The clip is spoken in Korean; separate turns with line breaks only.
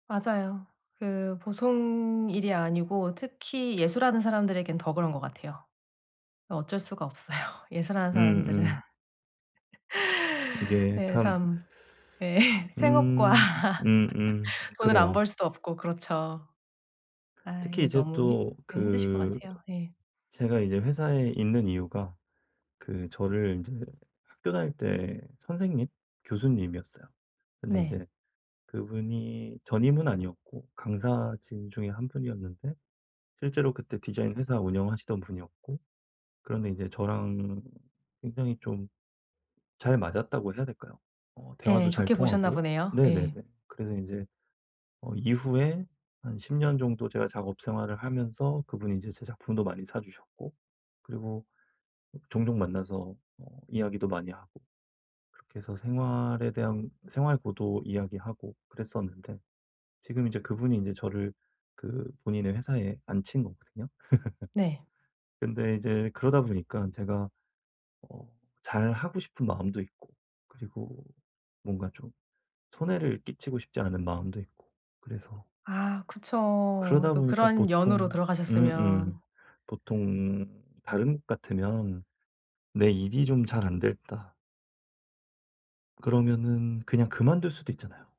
맞아요. 그 보통 일이 아니고 특히 예술하는 사람들에겐 더 그런 것 같아요. 어 어쩔 수가 없어요. 예술하는 사람들은.
음음. 이게
네,
참
참 예. 생업과.
음. 음음.
돈을 안
그래요.
벌 수도 없고 그렇죠. 아
특히
이게
이제
너무 힘
또
예 힘드실 것
그
같아요. 네.
제가 이제 회사에 있는 이유가 그 저를 인제 학교 다닐 때 선생님, 교수님이었어요. 근데
네.
이제 그분이 전임은 아니었고 강사진 중에 1 분이었는데 실제로 그때 디자인 회사 운영하시던 분이었고 그런데 이제 저랑 굉장히 좀 잘 맞았다고 해야 될까요? 어
예,
대화도 잘
좋게 보셨나
통하고.
보네요. 예.
네네네. 그래서 이제 어 이후에 한 10 년 정도 제가 작업 생활을 하면서 그분이 이제 제 작품도 많이 사 주셨고, 그리고 종종 만나서 뭐 이야기도 많이 하고 그렇게 해서 생활에 대한 생활고도 이야기하고 그랬었는데 지금 이제 그분이 이제 저를 그 본인의 회사에 앉힌 거거든요.
네.
근데 이제 그러다보니까 제가 어 잘 하고 싶은 마음도 있고 그리고 뭔가 좀 손해를 끼치고 싶지 않은 마음도 있고 그래서
아 그쵸.
그러다
또
보니까
그런 연으로
보통 음음.
들어가셨으면.
보통은 다른 곳 같으면 '내 일이 좀 잘 안 됐다' 그러면은 그냥 그만둘 수도 있잖아요.